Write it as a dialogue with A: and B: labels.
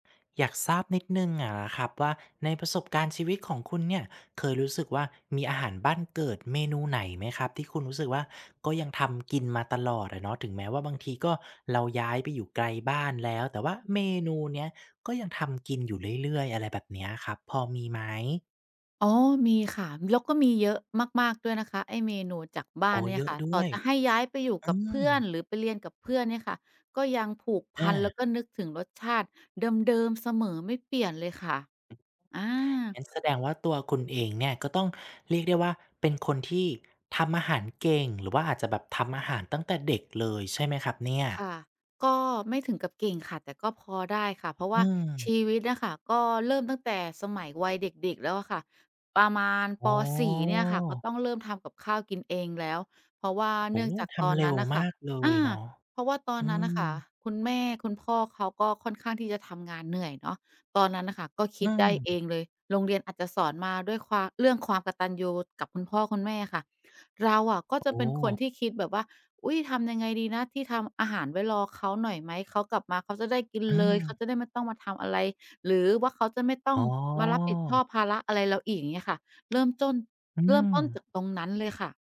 A: อยากทราบนิดหนึ่งอะนะครับว่า ในประสบการณ์ชีวิตของคุณเนี่ย เคยรู้สึกว่า มีอาหารบ้านเกิดเมนูไหนไหมครับ ที่คุณรู้สึกว่า ก็ยังทำกินมาตลอดอะเนาะ ถึงแม้ว่าบางทีก็ เราย้ายไปอยู่ไกลบ้านแล้ว แต่ว่าเมนูเนี้ย ก็ยังทำกินอยู่เรื่อย ๆ อะไรแบบเนี้ยครับ พอมีไหม?
B: อ๋อ มีค่ะ แล้วก็มีเยอะมาก ๆ ด้วยนะคะ ไอ้เมนูจากบ้
A: โอ
B: าน
A: ้
B: เนี่
A: เย
B: ย
A: อ
B: ค
A: ะ
B: ่ะ
A: ด้
B: ต่
A: ว
B: อ
A: ย
B: จะให้ย้ายไปอยู่
A: อื
B: กับเพื่อน
A: ม
B: หรือไปเรียนกับเพื่อนเนี่ยค่ะ ก็ยังผูกพ
A: อ
B: ัน แล้
A: า
B: วก็นึกถึงรสชาติเดิม ๆ เสมอ ไม่เปลี่ยนเลยค่ะ อา
A: งั้นแสดงว่า ตัวคุณเองเนี่ย ก็ต้องเรียกได้ว่า เป็นคนที่ ทำอาหารเก่ง หรือว่าอาจจะแบบทำอาหารตั้งแต่เด็กเลยใช่ไหมครับเนี่ย?
B: ค่ะ ก็ไม่ถึงกับเก่งค่ะ แต่ก็พอได้ค่ะ เพราะว
A: อื
B: ่าช
A: ม
B: ีวิตอะค่ะ ก็เริ่มตั้งแต่สมัยวัยเด็ก ๆ แล้วอะค่ะ ประมาณ
A: อ
B: ป.
A: ๋อ
B: 4 เนี่ยค่ะ ก็ต้องเริ่มทำกับข้าวกินเองแล้ว เพราะว่า
A: โอ
B: เน
A: ้
B: ื่อ
A: โ
B: ง
A: ฮ!
B: จาก
A: ท
B: ตอ
A: ำ
B: น
A: เร
B: น
A: ็
B: ั้
A: ว
B: นน่ะค
A: ม
B: ่ะ
A: ากเล
B: อ
A: ย
B: า
A: เนาะ
B: เพราะว่าตอ
A: อ
B: น
A: ื
B: นั้นน่ะค
A: ม
B: ่ะ คุณแม่คุณพ่อเขา ก็ค่อนข้างที่จะทำงานเหนื่อยเนาะ ตอนนั้นน่ะค่ะ ก็ค
A: อื
B: ิดได้
A: อ
B: เองเลย โรงเรียนอาจจะสอนมาด้วยความ เรื่องความกตัญญูกับคุณพ่อคุณแม่ค่ะ เราอะก็จ
A: โอ
B: ะ
A: ้
B: เป็น
A: โ
B: คน
A: ฮ!
B: ที่คิดแบบว่า อุ๊ย ทำยังไงดีนะที่ทำอาหารไว้รอเขาหน่อยไหม เขากลับมาเขาจะได้กิน
A: อื
B: เลย เข
A: อ
B: าจะได้ไม่ต้องมาทำอะไร หรือว่าเขาจะไม่ต้อ
A: อ๋
B: งมารับผิดชอ
A: อ
B: บภาระอะไรเราอีก อย่างเงี้ยค่ะ เริ่มจ้น
A: อื
B: เริ่มต้น
A: ม
B: จากตรงนั้นเลยค่ะ